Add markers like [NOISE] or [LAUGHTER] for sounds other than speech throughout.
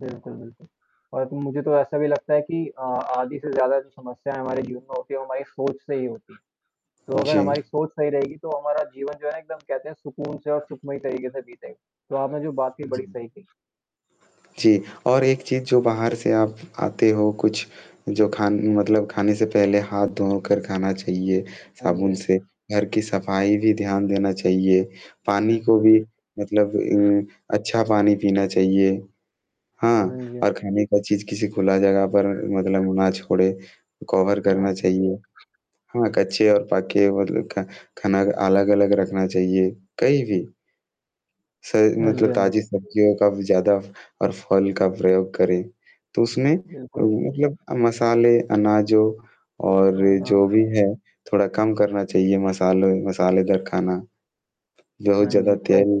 बिल्कुल, बिल्कुल। और मुझे तो ऐसा भी लगता है कि अ, आधी से ज़्यादा जो समस्याएँ हमारे जीवन में होती हैं, वो हमारी सोच से ही होती हैं। तो अगर जी। हमारी सोच सही रहेगी, तो हमारा जीवन जो है एकदम कहते हैं सुकून से और सुखमय तरीके से बीतेगा। तो आपने जो बात कही, जी। बड़ी सही कही। जी, और एक चीज़ जो बाहर से आप आते हो, कुछ जो खान मतलब खाने से पहले हाथ धो कर खाना चाहिए हाँ जी, साबुन हाँ से, जी। घर की सफाई भी ध्यान देना चाहिए, पानी को बिल्कुल, भी बिल्क मतलब उम, अच्छा पानी पीना चाहिए। हाँ, हाँ जी, हाँ। और खाने का चीज़ किसी खुला जगह पर मतलब ना छोड़े, कवर करना [UNINTELLIGIBLE] चाहिए। हाँ, कच्चे और पके वो ल खा खाना अलग-अलग रखना चाहिए, कहीं भी। सही हाँ जी, मतलब हाँ जी। ताज़ी बिल्कुल। सब्जियों का भी ज़्यादा और फल का प्रयोग करें। तो उसमें अ, बिल्कुल। मतलब मसाले, अनाज़ों और खाना जो भी है, थोड़ा कम करना चाहिए, मसालों मसालेदार खाना। बहुत हाँ ज़्यादा जी, थोड़ा म तेल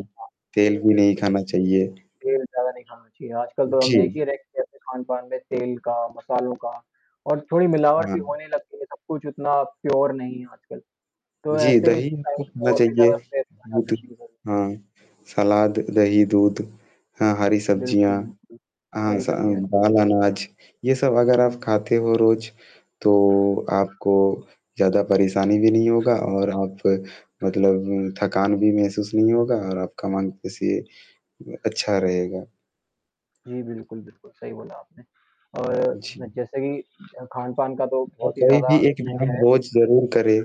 तेल जी, भी नहीं बिल्कुल। खाना चाहिए। तेल ज़्यादा नहीं खाना चाहिए, आजकल तो हम जी। देखिए रेस्टोरेंट्स में खान-पान में तेल का, मसालों का और थोड़ी मिलावट भी हाँ। होने लग गई है, सब कुछ उतना प्योर नहीं है आजकल। तो जी, ऐसे दही टाइम आपको पे खाना और भी चाहिए। ज़्यादा स्ट्रेस आ जाता है। बिल्कुल, [UNINTELLIGIBLE] हाँ। सलाद, दही, दूध हाँ, हरी सब्ज़ियाँ। बिल्कुल, बिल्कुल। हाँ हरी सब्ज़ियाँ। सान बाल अनाज ये सब अगर आप खाते हो रोज़, तो आपको ज़्यादा परेशानी भी नहीं होगा और आप मतलब थकान भी महसूस नहीं होगा और आपका मन किसी उ अच्छा रहेगा। जी, बिल्कुल, बिल्कुल सही बोला आपने। और जी। अ, जैसे कि अ, खान-पान का तो और बहुत ही कोई ज़्यादा भी एक उसमें व्यायाम है। रोज़ ज़रूर करे।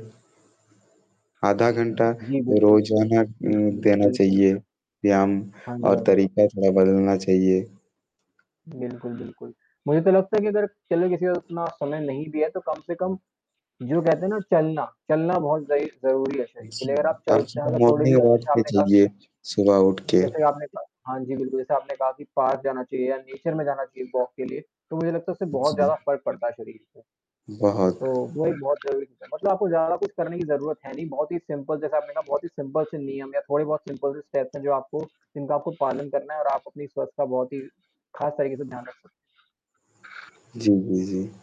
आधा हुँ, घंटा जी, बिल्कुल। रोज़ाना अ, हुँ, हुँ, देना बिल्कुल। चाहिए, यम हाँ जी, और हाँ जी। तरीका थोड़ा अच्छा। बदलना चाहिए। बिल्कुल, बिल्कुल। मुझे तो लगता है कि अगर, चलो किसी को उतना समय नहीं भी है तो कम से कम जो कहते हैं ना चलना, चलना बहुत ज़ई ज़रूरी है शरीर के जी। लिए, अगर आप आपकी चलते हैं तो मतलब थोड़े भी मॉर्निंग अच्छे वॉक से भी आपने कहा चाहिए, कि सुबह उठ के। जैसे आपने कहा हाँ जी, बिल्कुल जैसे आपने कहा कि पार्क जाना चाहिए या नेचर में जाना चाहिए वॉक के लिए, तो मुझे लगता है उससे अ, बहुत ज़्यादा जी। फ़र्क पड़ता है शरीर को। तो बहुत। वही बहुत ज़रूरी चीज़ है, मतलब आपको ज़्यादा कुछ करने की ज़रूरत है नहीं, बहुत ही सिंपल जैसे आपने कहा बहुत ही सिंपल से नियम है, थोड़े-बहुत सिंपल से स्टेप्स हैं जो आपको जिनका आपको पालन करना है और आप अपनी स्वस्थ का बहुत ही ख़ास तरीके से ध्यान रख सकते हैं। जी, जी, जी।